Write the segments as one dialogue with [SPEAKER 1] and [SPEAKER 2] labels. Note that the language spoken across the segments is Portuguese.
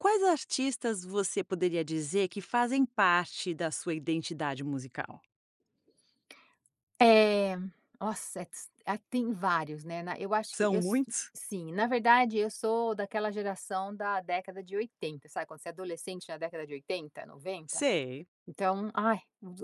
[SPEAKER 1] Quais artistas você poderia dizer que fazem parte da sua identidade musical?
[SPEAKER 2] É nossa, eh, tis ah, tem vários, né. Na eu acho que
[SPEAKER 1] São
[SPEAKER 2] eu so
[SPEAKER 1] muitos?
[SPEAKER 2] sim. Na verdade, eu sou daquela geração da década de 80, sabe, quando você é adolescente na década de 80, 90,
[SPEAKER 1] Sei.
[SPEAKER 2] então ai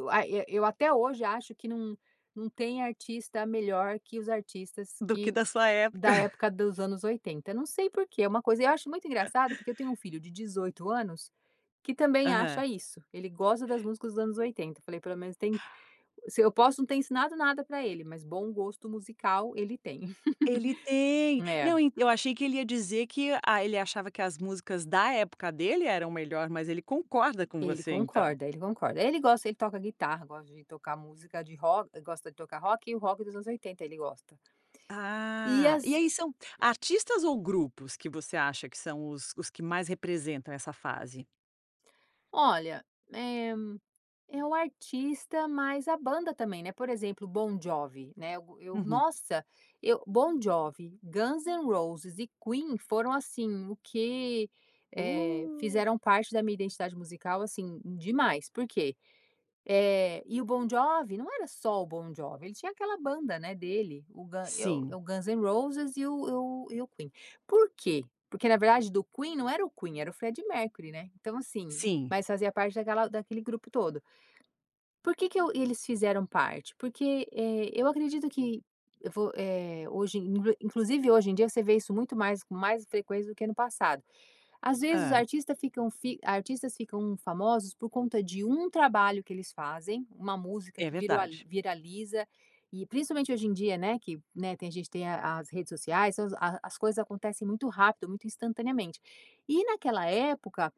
[SPEAKER 2] ai eu eu eu até hoje acho que não não tem artista melhor que os artistas
[SPEAKER 1] Do que
[SPEAKER 2] que
[SPEAKER 1] da sua época.
[SPEAKER 2] da época dos anos 80. Não sei por que é uma coisa. Eu acho muito engraçado, porque eu tenho um filho de 18 anos, que também
[SPEAKER 1] Aham.
[SPEAKER 2] acha isso. Ele gosta das músicas dos anos 80, falei pelo menos tem se eu posso não ter ensinado nada para ele, mas bom gosto musical, ele tem.
[SPEAKER 1] Ele tem,
[SPEAKER 2] É.
[SPEAKER 1] não e eu achei que ele ia dizer que ,ah, ele achava que as músicas da época dele eram melhor, mas ele concorda com
[SPEAKER 2] Ele
[SPEAKER 1] você, então.
[SPEAKER 2] concorda, ele concorda, ele gosta. Ele toca guitarra, gosta de tocar música de rock gosta de tocar rock e o rock dos anos 80, ele gosta. E
[SPEAKER 1] Ah, e
[SPEAKER 2] as
[SPEAKER 1] aí são artistas ou grupos que você acha que são os os que mais representam essa fase?
[SPEAKER 2] Olha, eh, é o artista, mas a banda também, né? Por exemplo, o Bon Jovi, né, o e eu
[SPEAKER 1] Uhum.
[SPEAKER 2] Nossa! Eu Bon Jovi, Guns N' Roses e Queen foram assim, o que, eh,
[SPEAKER 1] Uh.
[SPEAKER 2] fizeram parte da minha identidade musical, assim demais, por quê? Eh e o Bon Jovi não era só o Bon Jovi, ele tinha aquela banda, né, dele, o Gun e
[SPEAKER 1] Sim.
[SPEAKER 2] o Guns N' Roses e o e o e o Queen, por quê? Porque, na verdade, do Queen não era o Queen, era o Freddie Mercury, né? Então, assim,
[SPEAKER 1] Sim.
[SPEAKER 2] mas fazia parte daquela daquele grupo todo por que que o e eles fizeram parte? Porque, eh, eu acredito que eu vou, eh, hoje [unintelligible] Inclusive, hoje em dia você vê isso muito mais, com mais frequência, do que no passado. Às vezes, os
[SPEAKER 1] Hã.
[SPEAKER 2] artistas ficam fi artistas ficam famosos por conta de um trabalho que eles fazem, uma música
[SPEAKER 1] É
[SPEAKER 2] que virua
[SPEAKER 1] verdade.
[SPEAKER 2] viraliza e principalmente hoje em dia, né, que, né, tem a gente tem a as redes sociais, as a as coisas acontecem muito rápido, muito instantaneamente e naquela época,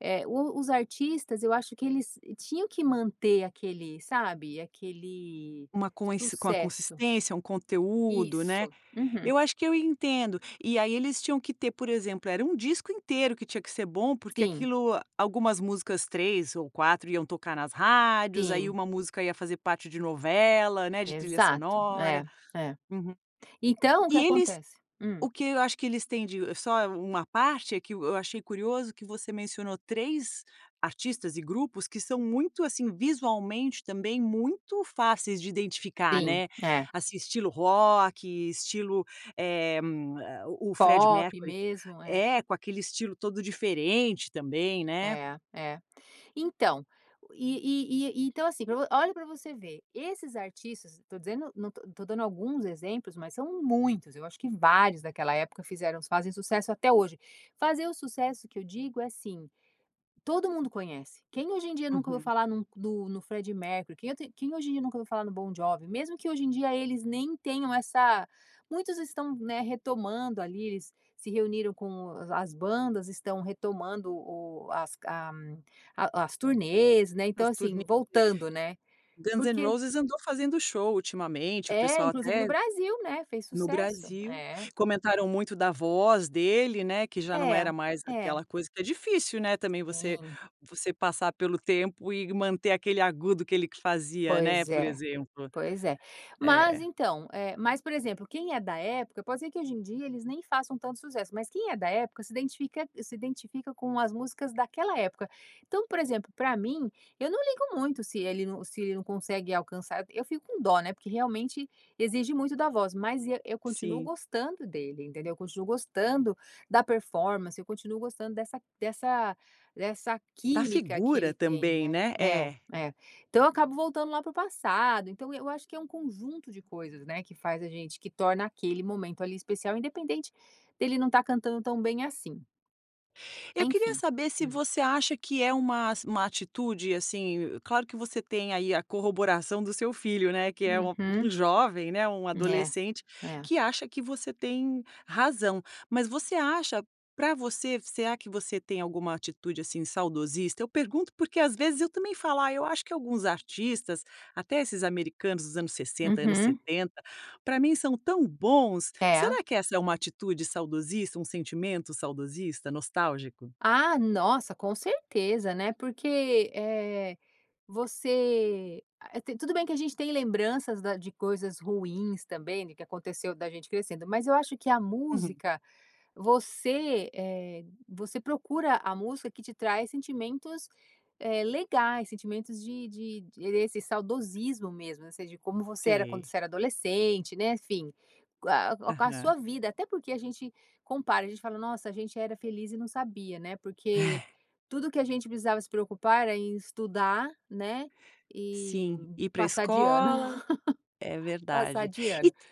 [SPEAKER 2] eh, o os artistas, eu acho que eles tinham que manter aquele sabe, aquele
[SPEAKER 1] Uma coins com a
[SPEAKER 2] sucesso.
[SPEAKER 1] consistência, um conteúdo, né?
[SPEAKER 2] Isso, uhum.
[SPEAKER 1] Eu acho que eu entendo e aí eles tinham que ter, por exemplo, era um disco inteiro que tinha que ser bom, porque
[SPEAKER 2] Sim.
[SPEAKER 1] aquilo algumas músicas, 3 ou 4 iam tocar nas rádios, aí
[SPEAKER 2] Sim.
[SPEAKER 1] 1 música ia fazer parte de novela, né, de trilha
[SPEAKER 2] Exato.
[SPEAKER 1] sonora.
[SPEAKER 2] É, é.
[SPEAKER 1] Uhum.
[SPEAKER 2] Então o que
[SPEAKER 1] E eles
[SPEAKER 2] acontece Hum.
[SPEAKER 1] o que eu acho que eles têm de só uma parte, é que eu eu achei curioso que você mencionou 3 artistas e grupos que são muito assim, visualmente também muito fáceis de identificar,
[SPEAKER 2] Sim,
[SPEAKER 1] né?
[SPEAKER 2] é.
[SPEAKER 1] Assim, estilo rock, estilo, eh, o o Freddie
[SPEAKER 2] Pop
[SPEAKER 1] Mercury.
[SPEAKER 2] mesmo, é.
[SPEAKER 1] É, com aquele estilo todo diferente também, né.
[SPEAKER 2] É, é. Então, e e e e então assim pra vo olha pra você ver, esses artistas, eu tô dizendo, não tô tô dando alguns exemplos, mas são muitos, eu acho que vários daquela época fizeram fazem sucesso até hoje. Fazer o sucesso que eu digo, é assim, todo mundo conhece, quem hoje em dia eu nunca ouviu
[SPEAKER 1] Uhum.
[SPEAKER 2] falar em um nu no no Freddie Mercury? Quem eu te quem hoje em dia nunca viu falar no Bom Jovi? Mesmo que hoje em dia eles nem tenham essa muitos estão, né, retomando ali. Eles se reuniram com a as bandas, estão retomando o as a a as turnês, né, então,
[SPEAKER 1] As
[SPEAKER 2] assim,
[SPEAKER 1] turnê
[SPEAKER 2] voltando, né,
[SPEAKER 1] Guns N’
[SPEAKER 2] porque
[SPEAKER 1] Roses andou fazendo show ultimamente, o
[SPEAKER 2] É.
[SPEAKER 1] pessoal
[SPEAKER 2] Inclusive no
[SPEAKER 1] até
[SPEAKER 2] Brasil, né? Fez
[SPEAKER 1] no
[SPEAKER 2] sucesso,
[SPEAKER 1] Brasil
[SPEAKER 2] é.
[SPEAKER 1] comentaram muito da voz dele, né, que já não
[SPEAKER 2] É,
[SPEAKER 1] era mais
[SPEAKER 2] é.
[SPEAKER 1] aquela coisa, que é difícil, né, também você
[SPEAKER 2] Sim.
[SPEAKER 1] você passar pelo tempo e manter aquele agudo que ele fazia, né,
[SPEAKER 2] Pois
[SPEAKER 1] por
[SPEAKER 2] é,
[SPEAKER 1] exemplo,
[SPEAKER 2] pois é. Mas,
[SPEAKER 1] é.
[SPEAKER 2] então, eh, mas, por exemplo, quem é da época pode ser que hoje em dia eles nem façam tanto sucesso, mas quem é da época se identifica se identifica com as músicas daquela época. Então, por exemplo, para mim, eu não ligo muito se ele não se ele não consegue alcançar, eu fico com dó, né, porque realmente exige muito da voz, mas e eu continuo
[SPEAKER 1] Sim.
[SPEAKER 2] gostando dele, entendeu? Eu continuo gostando da performance. Eu continuo gostando dessa dessa dessa
[SPEAKER 1] Da
[SPEAKER 2] química que
[SPEAKER 1] figura
[SPEAKER 2] ele tem,
[SPEAKER 1] também,
[SPEAKER 2] né?
[SPEAKER 1] né?
[SPEAKER 2] É,
[SPEAKER 1] É.
[SPEAKER 2] é, então eu acabo voltando lá para o passado. Então, eu acho que é um conjunto de coisas, né, que faz a gente que torna aquele momento ali especial, independente dele não estar cantando tão bem assim.
[SPEAKER 1] Eu queria
[SPEAKER 2] Enfim,
[SPEAKER 1] saber se
[SPEAKER 2] hum.
[SPEAKER 1] você acha que é uma ass uma atitude, assim, claro que você tem aí a corroboração do seu filho, né, que é um
[SPEAKER 2] Uhum.
[SPEAKER 1] um jovem, né, um
[SPEAKER 2] É,
[SPEAKER 1] adolescente
[SPEAKER 2] é.
[SPEAKER 1] que acha que você tem razão. Mas você acha, pra você, será que você tem alguma atitude, assim, saudosista? Eu pergunto, porque, às vezes, eu também falo, ah, eu acho que alguns artistas, até esses americanos dos anos 60, anos
[SPEAKER 2] Uhum.
[SPEAKER 1] 70, pra mim são tão bons.
[SPEAKER 2] É.
[SPEAKER 1] Será que essa é uma atitude saudosista, um sentimento saudosista, nostálgico?
[SPEAKER 2] Ah, nossa, com certeza, né, porque, eh, você a tem tudo bem que a gente tem lembranças da de coisas ruins também do que aconteceu da gente crescendo. Mas eu acho que a
[SPEAKER 1] Uhum.
[SPEAKER 2] música, você, eh, você procura a música que te traz sentimentos, eh, legais, sentimentos de de de esse saudosismo mesmo, ou seja, como você era quando
[SPEAKER 1] Sei.
[SPEAKER 2] você era adolescente, né, enfim. Co a co a com a
[SPEAKER 1] Aham.
[SPEAKER 2] sua vida, até porque a gente compara, a gente fala, nossa, a gente era feliz e não sabia, né, porque
[SPEAKER 1] É.
[SPEAKER 2] tudo que a gente precisava se preocupar era em estudar, né, e
[SPEAKER 1] Sim, ir para a
[SPEAKER 2] passar de ano,
[SPEAKER 1] escola, é
[SPEAKER 2] passar
[SPEAKER 1] verdade,
[SPEAKER 2] de
[SPEAKER 1] e
[SPEAKER 2] ano.
[SPEAKER 1] t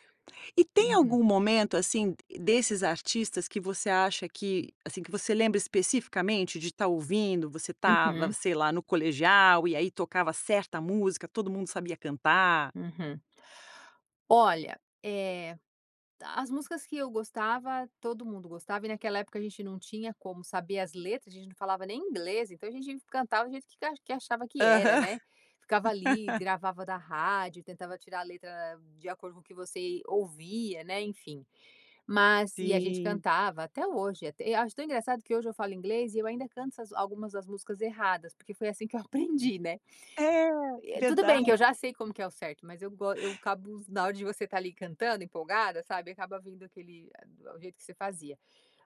[SPEAKER 1] e tem algum
[SPEAKER 2] Uhum.
[SPEAKER 1] momento, assim, d desses artistas que você acha que, assim, que você lembra especificamente de tá ouvindo, você estava,
[SPEAKER 2] Uhum.
[SPEAKER 1] sei lá, no colegial e aí tocava certa música, todo mundo sabia cantar.
[SPEAKER 2] Uhum. Olha, eh, as músicas que eu gostava, todo mundo gostava e naquela época a gente não tinha como saber as letras, a gente não falava nem inglês. Então, a gente fi cantava do jeito que achava que era,
[SPEAKER 1] Aham.
[SPEAKER 2] né, ficava ali, gravava da rádio, tentava tirar a letra de acordo com o que você ouvia, né, enfim, mas e a gente
[SPEAKER 1] Sim.
[SPEAKER 2] cantava, até hoje e eu acho tão engraçado que hoje eu falo inglês e eu ainda canto essas algumas das músicas erradas, porque foi assim que eu aprendi, né.
[SPEAKER 1] É,
[SPEAKER 2] Eh, tudo bem que eu
[SPEAKER 1] verdade.
[SPEAKER 2] já sei como que é o certo, mas eu go eu acabo, na hora de você estar ali cantando, empolgada, sabe, acaba vindo aquele, eh, o do jeito que você fazia,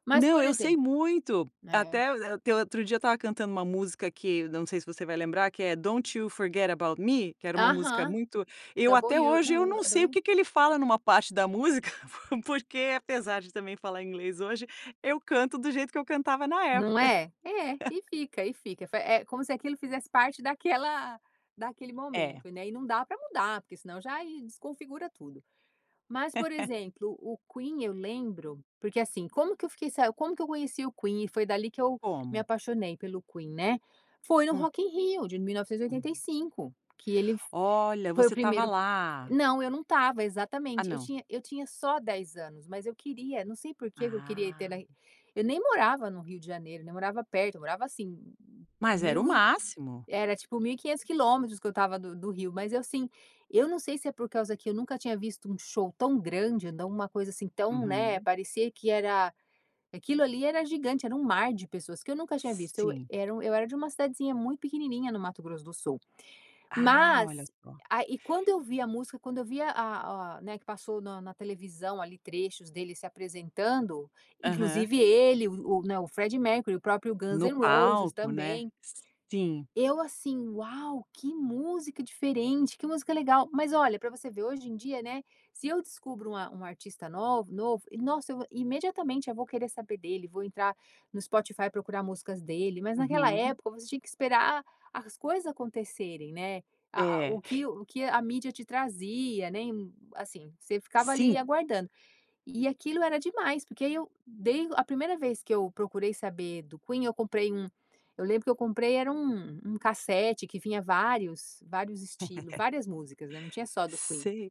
[SPEAKER 2] mas
[SPEAKER 1] Não,
[SPEAKER 2] por
[SPEAKER 1] eu sei
[SPEAKER 2] exemplo
[SPEAKER 1] muito
[SPEAKER 2] né.
[SPEAKER 1] até o a até o outro dia estava cantando uma música, que não sei se você vai lembrar, que é "Don't You Forget About Me", que era uma música
[SPEAKER 2] Aham.
[SPEAKER 1] muito eu
[SPEAKER 2] Double
[SPEAKER 1] até
[SPEAKER 2] you,
[SPEAKER 1] hoje eu
[SPEAKER 2] não
[SPEAKER 1] não
[SPEAKER 2] é
[SPEAKER 1] sei
[SPEAKER 2] Double
[SPEAKER 1] o
[SPEAKER 2] you?
[SPEAKER 1] que que ele fala numa parte da música, porque, apesar de também falar inglês hoje, eu canto do jeito que eu cantava na
[SPEAKER 2] Não
[SPEAKER 1] época.
[SPEAKER 2] é, é e fica e fica, é fi É como se aquilo fizesse parte daquela daquele
[SPEAKER 1] É.
[SPEAKER 2] momento, né, e não dá pra mudar, porque senão já e desconfigura tudo. Mas, por exemplo, o Queen, eu lembro, porque assim, como que eu fiquei sa como que eu conheci o Queen e foi dali que eu me
[SPEAKER 1] Como.
[SPEAKER 2] apaixonei pelo Queen, né, foi no
[SPEAKER 1] Hum.
[SPEAKER 2] Rock in Rio de mil novecentos e oitenta e
[SPEAKER 1] Uhum.
[SPEAKER 2] cinco que ele fo
[SPEAKER 1] Olha,
[SPEAKER 2] foi o
[SPEAKER 1] você estava
[SPEAKER 2] primeiro
[SPEAKER 1] lá.
[SPEAKER 2] Não, eu não estava
[SPEAKER 1] Ah,
[SPEAKER 2] exatamente, eu
[SPEAKER 1] não.
[SPEAKER 2] tinha eu tinha só 10 anos, mas eu queria, não sei porque que eu queria ter
[SPEAKER 1] Ah.
[SPEAKER 2] na eu nem morava no Rio de Janeiro, nem morava perto, eu morava assim
[SPEAKER 1] Mas era
[SPEAKER 2] 1.000
[SPEAKER 1] o máximo.
[SPEAKER 2] era tipo 1.500 quilômetros que eu estava do do Rio, mas eu assim. Eu não sei se é por causa que eu nunca tinha visto um show tão grande, dá uma coisa assim tão, né
[SPEAKER 1] Uhum.
[SPEAKER 2] parecia que era aquilo ali era gigante, era um mar de pessoas que eu nunca tinha visto. Eu
[SPEAKER 1] Sim.
[SPEAKER 2] era eu era de uma cidadezinha muito pequenininha no Mato Grosso do Sul.
[SPEAKER 1] Ah, olha
[SPEAKER 2] Mas
[SPEAKER 1] só.
[SPEAKER 2] a e quando eu vi a música, quando eu vi a a a, né, que passou na na televisão ali trechos dele se apresentando,
[SPEAKER 1] Aham.
[SPEAKER 2] inclusive ele, o o, né, o Freddie Mercury, o próprio Guns
[SPEAKER 1] No
[SPEAKER 2] N’ Roses
[SPEAKER 1] palco, né.
[SPEAKER 2] também.
[SPEAKER 1] Sim.
[SPEAKER 2] Eu assim, uau! Que música diferente, que música legal, mas olha pra você ver hoje em dia, né, se eu descubro um a um artista nova novo e nossa, eu imediatamente, eu vou querer saber dele. Vou entrar no Spotify, procurar músicas dele. Mas naquela
[SPEAKER 1] Uhum.
[SPEAKER 2] época você tinha que esperar as coisas acontecerem, né. A a o
[SPEAKER 1] É.
[SPEAKER 2] que o que a mídia te trazia, né, em, assim, você ficava ali
[SPEAKER 1] Sim.
[SPEAKER 2] aguardando. E aquilo era demais, porque aí eu dei a primeira vez que eu procurei saber do Queen, eu comprei um eu lembro que eu comprei, era um um cassete que vinha vários vários estilos, várias músicas, né, não tinha só do Queen.
[SPEAKER 1] Sei,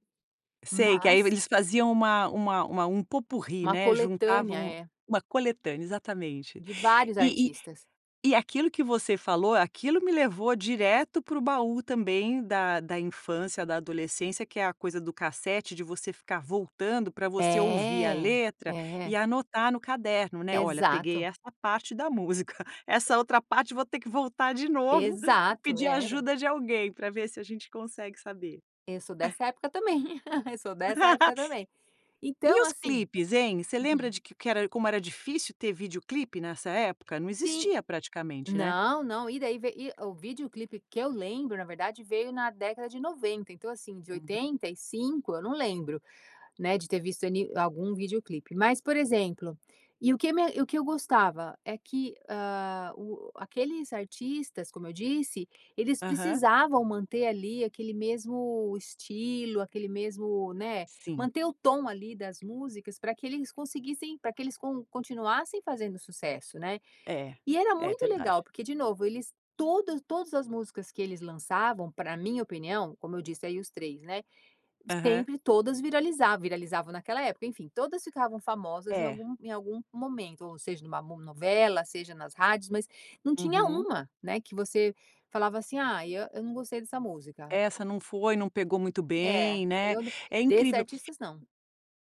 [SPEAKER 1] sei que aí
[SPEAKER 2] Mas
[SPEAKER 1] eles faziam uma uma uma um pot-pourri,
[SPEAKER 2] Uma
[SPEAKER 1] né,
[SPEAKER 2] coletânea.
[SPEAKER 1] juntavam
[SPEAKER 2] É.
[SPEAKER 1] uma coletânea, exatamente,
[SPEAKER 2] De vários
[SPEAKER 1] e e
[SPEAKER 2] artistas.
[SPEAKER 1] e aquilo que você falou, aquilo me levou direto pro baú também da da infância, da adolescência, que é a coisa do cassete de você ficar voltando pra você ouvir a
[SPEAKER 2] É,
[SPEAKER 1] letra e
[SPEAKER 2] é.
[SPEAKER 1] anotar no caderno, né. Olha, peguei
[SPEAKER 2] Exato.
[SPEAKER 1] essa parte da música, essa outra parte, vou ter que voltar de novo e
[SPEAKER 2] Exato,
[SPEAKER 1] pedir
[SPEAKER 2] era.
[SPEAKER 1] ajuda de alguém pra ver se a gente consegue saber.
[SPEAKER 2] Eu sou dessa época também, eu sou dessa época também,
[SPEAKER 1] E
[SPEAKER 2] então
[SPEAKER 1] os
[SPEAKER 2] assim
[SPEAKER 1] clipes, hein. Você lembra
[SPEAKER 2] uhum.
[SPEAKER 1] de que que era como era difícil ter vídeoclipe nessa época não
[SPEAKER 2] Sim,
[SPEAKER 1] existia praticamente, né.
[SPEAKER 2] não, não. E daí ve e o videoclipe que eu lembro, na verdade, veio na década de 90. Então, assim, de
[SPEAKER 1] Uhum.
[SPEAKER 2] 85, eu não lembro, né, de ter visto ali algum videoclipe, mas, por exemplo, e o que me e o que eu gostava é que, hã, o o aqueles artistas, como eu disse, eles
[SPEAKER 1] Aham.
[SPEAKER 2] precisavam manter ali aquele mesmo estilo, aquele mesmo, né,
[SPEAKER 1] Sim.
[SPEAKER 2] manter o tom ali das músicas pra que eles conseguissem pra que eles con continuassem fazendo sucesso, né.
[SPEAKER 1] É,
[SPEAKER 2] E era
[SPEAKER 1] é
[SPEAKER 2] muito
[SPEAKER 1] verdade.
[SPEAKER 2] legal, porque, de novo, eles todas todas as músicas que eles lançavam, pra minha opinião, como eu disse aí os 3, né,
[SPEAKER 1] Aham.
[SPEAKER 2] sempre todas viralizavam, viralizavam naquela época, enfim, todas ficavam famosas em
[SPEAKER 1] É.
[SPEAKER 2] algum em algum momento, ou seja, numa no novela, seja nas rádios, mas não tinha
[SPEAKER 1] Uhum.
[SPEAKER 2] uma, né, que você falava assim: “Ah, e eu não gostei dessa música.”
[SPEAKER 1] Essa não foi, não pegou muito
[SPEAKER 2] É
[SPEAKER 1] bem, né.
[SPEAKER 2] eu de
[SPEAKER 1] É
[SPEAKER 2] desses
[SPEAKER 1] incrível.
[SPEAKER 2] artistas, não.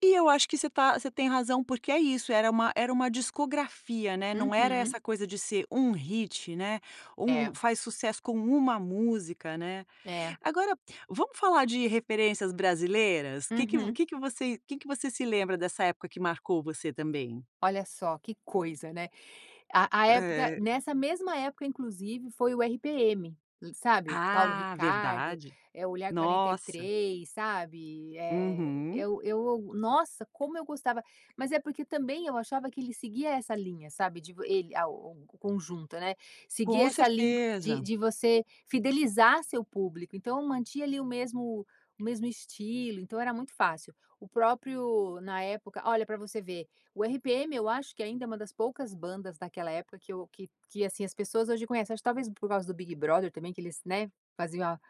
[SPEAKER 1] E eu acho que você tá, você tem razão, porque é isso, era uma era uma discografia, né, não era
[SPEAKER 2] Uhum.
[SPEAKER 1] essa coisa de ser 1 hit, né, um
[SPEAKER 2] É.
[SPEAKER 1] faz sucesso com 1 música, né?
[SPEAKER 2] É.
[SPEAKER 1] Agora, vamos falar de referências brasileiras, que que vo
[SPEAKER 2] Uhum.
[SPEAKER 1] que que você que que você se lembra dessa época que marcou você também?
[SPEAKER 2] Olha só que coisa, né. A a época,
[SPEAKER 1] Eh.
[SPEAKER 2] nessa mesma época, inclusive, foi o RPM, e sabe, o Paulo
[SPEAKER 1] Ah,
[SPEAKER 2] Ricardo,
[SPEAKER 1] verdade,
[SPEAKER 2] eh, o Olhar quarenta e
[SPEAKER 1] nossa.
[SPEAKER 2] três, sabe, eh,
[SPEAKER 1] Uhum.
[SPEAKER 2] eu eu, nossa, como eu gostava, mas é porque também eu achava que ele seguia essa linha, sabe, de vo ele a o o o conjunto, né, seguir
[SPEAKER 1] Com
[SPEAKER 2] essa linha de
[SPEAKER 1] certeza.
[SPEAKER 2] de você fidelizar seu público, então mantinha ali o mesmo, o mesmo estilo, então era muito fácil, o próprio, na época olha, pra você ver, o RPM, eu acho que ainda é uma das poucas bandas daquela época que eu que que assim as pessoas hoje conhecem. Acho que talvez por causa do Big Brother também, que eles, né, faziam a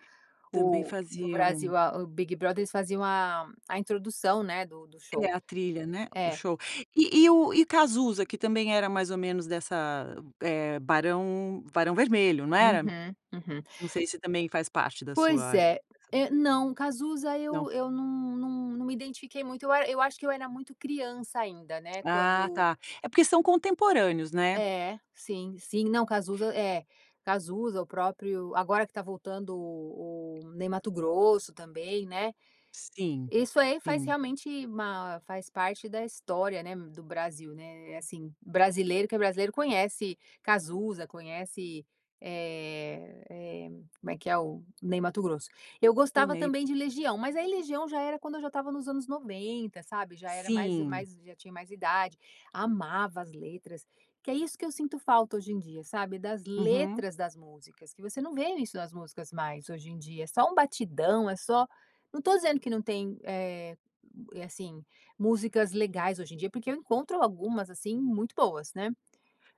[SPEAKER 1] Também
[SPEAKER 2] o do
[SPEAKER 1] faziam.
[SPEAKER 2] Brasil, a o Big Brother, eles faziam a a introdução, né, do do show,
[SPEAKER 1] É a trilha, né, o
[SPEAKER 2] é.
[SPEAKER 1] show e e o e o Cazuza, que também era mais ou menos dessa, eh, Barão Barão Vermelho, não era?
[SPEAKER 2] Uhum, uhum.
[SPEAKER 1] Não sei se também faz parte da
[SPEAKER 2] Pois
[SPEAKER 1] sua e
[SPEAKER 2] é. Eh, não, o Cazuza,
[SPEAKER 1] Não.
[SPEAKER 2] eu eu não não não me identifiquei muito. Eu a eu acho que eu era muito criança ainda, né.
[SPEAKER 1] Ah,
[SPEAKER 2] Quando
[SPEAKER 1] tá. É porque são contemporâneos, né?
[SPEAKER 2] É sim, sim, não, Cazuza é Cazuza, o próprio agora que tá voltando, o o Ney Matogrosso também, né.
[SPEAKER 1] Sim,
[SPEAKER 2] Isso aí faz
[SPEAKER 1] sim.
[SPEAKER 2] realmente, ma faz parte da história, né, do Brasil, né. É assim, brasileiro que é brasileiro, conhece Cazuza, conhece, eh eh, como é que é? O Ney Matogrosso. Eu
[SPEAKER 1] O
[SPEAKER 2] gostava
[SPEAKER 1] Ney.
[SPEAKER 2] também de Legião, mas aí Legião já era quando eu já estava nos anos 90, sabe, já era mais
[SPEAKER 1] Sim.
[SPEAKER 2] mais, já tinha mais idade, amava as letras, que é isso que eu sinto falta hoje em dia, sabe, das
[SPEAKER 1] Uhum.
[SPEAKER 2] letras das músicas, que você não vê isso nas músicas mais hoje em dia, é só um batidão, é só não tô dizendo que não tem, eh, assim, músicas legais hoje em dia, porque eu encontro algumas assim muito boas, né.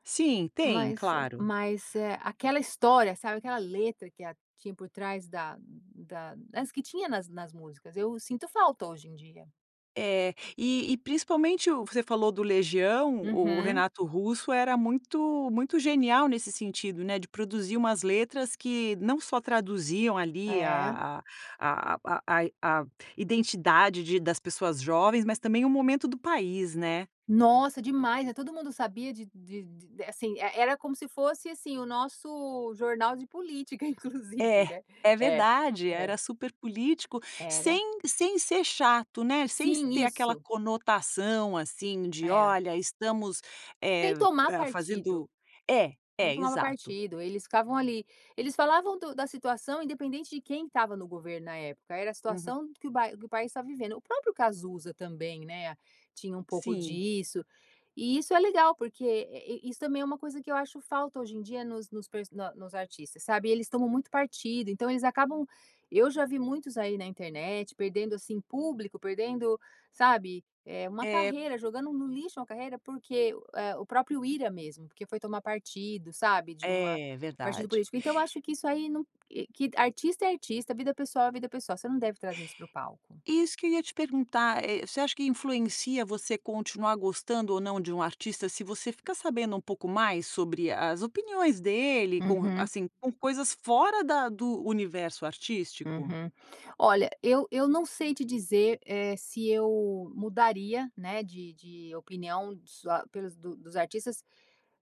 [SPEAKER 1] Sim, tem
[SPEAKER 2] Mas eh
[SPEAKER 1] claro.
[SPEAKER 2] mas eh aquela história, sabe aquela letra que a tinha por trás da da das que tinha nas nas músicas. Eu sinto falta hoje em dia.
[SPEAKER 1] É, e e principalmente, o você falou do Legião. O
[SPEAKER 2] Uhum.
[SPEAKER 1] Renato Russo era muito muito genial nesse sentido, né? De produzir umas letras que não só traduziam ali
[SPEAKER 2] É.
[SPEAKER 1] a a a a a a a identidade de das pessoas jovens, mas também o momento do país, né?
[SPEAKER 2] Nossa, demais, né, e todo mundo sabia de de de assim é. Era como se fosse assim o nosso jornal de política, inclusive,
[SPEAKER 1] É,
[SPEAKER 2] né?
[SPEAKER 1] é
[SPEAKER 2] É,
[SPEAKER 1] verdade,
[SPEAKER 2] é.
[SPEAKER 1] era super político,
[SPEAKER 2] Era.
[SPEAKER 1] sem sem ser chato, né? Sem s
[SPEAKER 2] Sim,
[SPEAKER 1] ter aquela
[SPEAKER 2] isso.
[SPEAKER 1] conotação assim de:
[SPEAKER 2] É.
[SPEAKER 1] "Olha, estamos,
[SPEAKER 2] Sem
[SPEAKER 1] eh,
[SPEAKER 2] tomar partido.
[SPEAKER 1] fazendo" É,
[SPEAKER 2] Não
[SPEAKER 1] é
[SPEAKER 2] tomava
[SPEAKER 1] exato.
[SPEAKER 2] partido. Eles ficavam ali. Eles falavam do da situação, independente de quem estava no governo na época, era a
[SPEAKER 1] Uhum.
[SPEAKER 2] situação que o bai que o país estava vivendo. O próprio Cazuza também, né? Tinha um pouco
[SPEAKER 1] Sim.
[SPEAKER 2] disso e isso é legal, porque e e e isso também é uma coisa que eu acho falta hoje em dia nos nos per na nos artistas, sabe, eles tomam muito partido. Então eles acabam Eu já vi muitos aí na internet, perdendo assim público, perdendo, sabe, é uma
[SPEAKER 1] É
[SPEAKER 2] carreira, jogando no lixo, uma carreira, porque é o próprio Ira mesmo porque foi tomar partido, sabe, de uma
[SPEAKER 1] É
[SPEAKER 2] partido
[SPEAKER 1] verdade.
[SPEAKER 2] político. Então eu acho que isso não que artista é artista, vida pessoal é vida pessoal. Você não deve trazer isso para o palco.
[SPEAKER 1] Isso que eu ia te perguntar, é você acha que influencia você continuar gostando ou não de um artista. Se você fica sabendo um pouco mais sobre as opiniões dele, com,
[SPEAKER 2] Uhum.
[SPEAKER 1] assim, com coisas fora da do universo artístico.
[SPEAKER 2] Uhum. Olha, eu eu não sei te dizer é se eu mudaria, né? De de opinião só pelos do dos artistas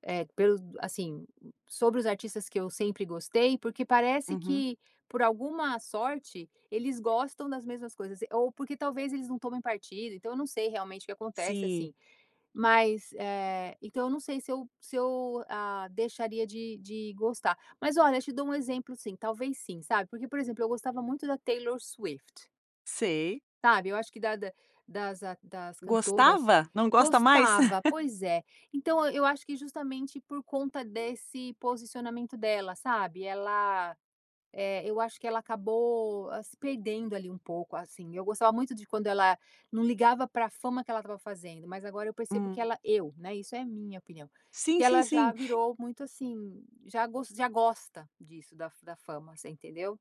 [SPEAKER 2] eh, pelos assim, sobre os artistas que eu sempre gostei, porque parece
[SPEAKER 1] Uhum.
[SPEAKER 2] que por alguma sorte, eles gostam das mesmas coisas, ou porque talvez eles não tomem partido. Então eu não sei realmente o que acontece
[SPEAKER 1] Sim.
[SPEAKER 2] assim. Mas eh, então eu não sei se eu se eu, ah, deixaria de de gostar. Mas olha, eu te dou um exemplo sim, talvez sim, sabe, porque, por exemplo, eu gostava muito da Taylor Swift.
[SPEAKER 1] Sei.
[SPEAKER 2] Sabe, eu acho que da da das das cantoras
[SPEAKER 1] Gostava, não gosta mais?
[SPEAKER 2] gostava. Pois é, então e eu acho que justamente por conta desse posicionamento dela, sabe, ela, eh, eu acho que ela acabou se perdendo ali um pouco, assim. Eu gostava muito de quando ela não ligava pra fama que ela estava fazendo. Mas agora eu percebo que
[SPEAKER 1] Hum.
[SPEAKER 2] ela eu, né, isso é a minha opinião, que
[SPEAKER 1] Sim, sim,
[SPEAKER 2] ela já
[SPEAKER 1] sim.
[SPEAKER 2] virou muito assim, já gos já gosta disso da fa da fama, você entendeu,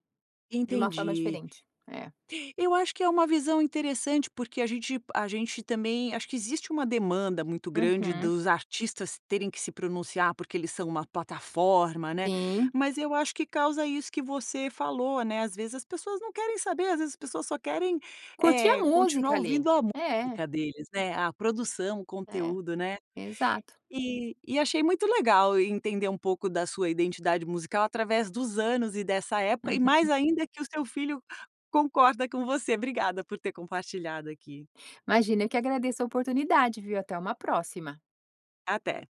[SPEAKER 2] de uma forma
[SPEAKER 1] Entendi.
[SPEAKER 2] diferente. É.
[SPEAKER 1] Eu acho que é uma visão interessante, porque a gente a gente também acho que existe uma demanda muito grande
[SPEAKER 2] Uhum.
[SPEAKER 1] dos artistas terem que se pronunciar, porque eles são uma plataforma, né,
[SPEAKER 2] Sim.
[SPEAKER 1] mas eu acho que causa isso que você falou, né. Às vezes, as pessoas não querem saber, às vezes, as pessoas só querem,
[SPEAKER 2] Curtir a
[SPEAKER 1] eh,
[SPEAKER 2] música
[SPEAKER 1] continuar
[SPEAKER 2] ali,
[SPEAKER 1] ouvindo a
[SPEAKER 2] é.
[SPEAKER 1] música deles, né, a produção, o
[SPEAKER 2] É,
[SPEAKER 1] conteúdo, né.
[SPEAKER 2] exato.
[SPEAKER 1] E e achei muito legal e entender um pouco da sua identidade musical através dos anos e dessa época e
[SPEAKER 2] Uhum.
[SPEAKER 1] mais ainda que o seu filho concorda com você. Obrigada por ter compartilhado aqui.
[SPEAKER 2] Imagina eu que agradeço a oportunidade, viu, até uma próxima.
[SPEAKER 1] Até.